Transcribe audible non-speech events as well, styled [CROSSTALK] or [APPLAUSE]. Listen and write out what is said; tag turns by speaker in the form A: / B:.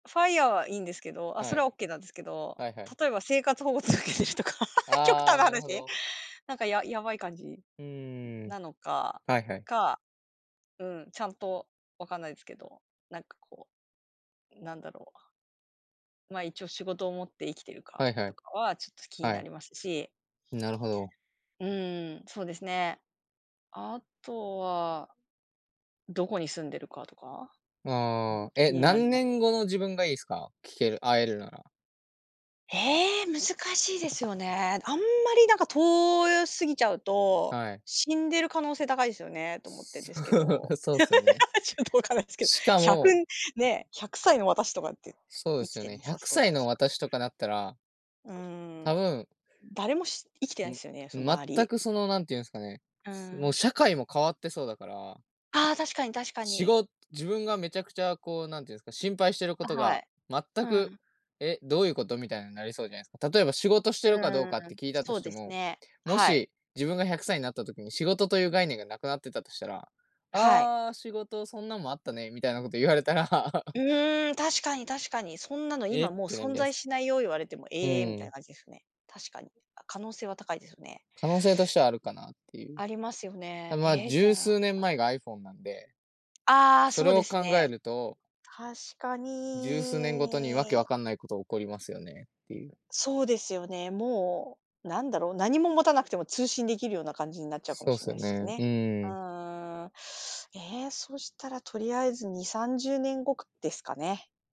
A: FIRE は、いいんですけど、あ、
B: は
A: それ
B: い。
A: はオッケーなんですけど、
B: はいはい。
A: 例えば生活保護続けてるとか、[LAUGHS] 極
B: あ
A: 端
B: あ、
A: な
B: なるほ
A: 話、
B: ど。
A: なんかややばい感じ
B: うーん。
A: なのか、
B: はいはい。
A: かうん。ちゃんと、わかんないですけど、なんか、こう、なんだろう。ま、一応仕事を持って生きてるか
B: はいは
A: と
B: い。
A: かはちょっと気に
B: は
A: な
B: い。
A: りますし。
B: なるほど。
A: うん。そうですね。あとはどこに住んでるかとか。うん、
B: ああ、え、
A: 気になり
B: 何
A: ます。
B: 年後の自分がいいすか？聞ける会えるなら。
A: ええ。難しいですよね。あんまりなんか遠よすぎちゃうと、
B: はい。
A: 死んでる可能性高いですよねと思ってん
B: そ
A: ですけど、
B: う、そうっすよね。
A: [LAUGHS] ちょっとわかんないですけど、
B: しか
A: 100
B: も
A: ね、100歳の私とかって
B: そうで
A: 生
B: す
A: き
B: よ
A: て
B: ね。
A: な
B: ひゃ
A: さ
B: く
A: そう
B: さい
A: だ
B: の
A: し。
B: 私とかだったら
A: う
B: 多
A: ん。
B: 分
A: 誰もし生きて
B: う
A: ないで
B: ん。
A: すよね、そ周
B: 全
A: り。
B: くそのなんていうんですかね。
A: う
B: もう
A: ん。
B: 社会も変わってそうだから。
A: ああ、確かに確か
B: し
A: に。
B: ご自分がめちゃくちゃ、こう、何て言うんですか。心配してるこ
A: あ、
B: と
A: は
B: が
A: い。
B: 全
A: う
B: く、
A: ん。
B: え、どういうこと。みたいになりそうじゃないすか。例えば仕事して
A: う
B: るかどう
A: ー
B: かっ
A: ん。
B: て聞いたと
A: そう
B: して
A: です
B: も、
A: ね。
B: も
A: はい。
B: し自分が100歳になった時に、仕事という概念がなくなってたとしたら
A: はい。
B: 「ああ、仕事そんなんもあったね」みたいなこと言われたら。
A: う
B: [LAUGHS]
A: ーん。確かに確かに「そんなの
B: え、
A: 今
B: っ
A: もう
B: てなる
A: 存
B: じゃない
A: 在
B: すか。
A: しないよ」言われても、
B: う
A: ええ、みたい
B: ん。
A: な感じですね。確かに。あ、可能性は高いですよね。
B: 可能性としてはあるかなっていう。
A: ありますよ
B: あ、
A: ね。
B: まあ
A: ええ、じゃ
B: 十
A: あ
B: 数年
A: あ。
B: 前が iPhone なんで
A: ああ、
B: それ
A: そうで
B: を
A: す
B: 考
A: ね。
B: えると
A: 確か
B: 十数年ごとにわけ
A: に。
B: 分かんないこと起こりますよねっていう。
A: そうですよね。もうなんだろう。何も持たなくても通信できるような感じになっちゃうかも
B: そうっ
A: しん
B: す
A: な
B: よ
A: いっす
B: ね、う
A: ね。う
B: ん。
A: ーん。ええ、そしたらとりあえず2、30年後か、ですかね。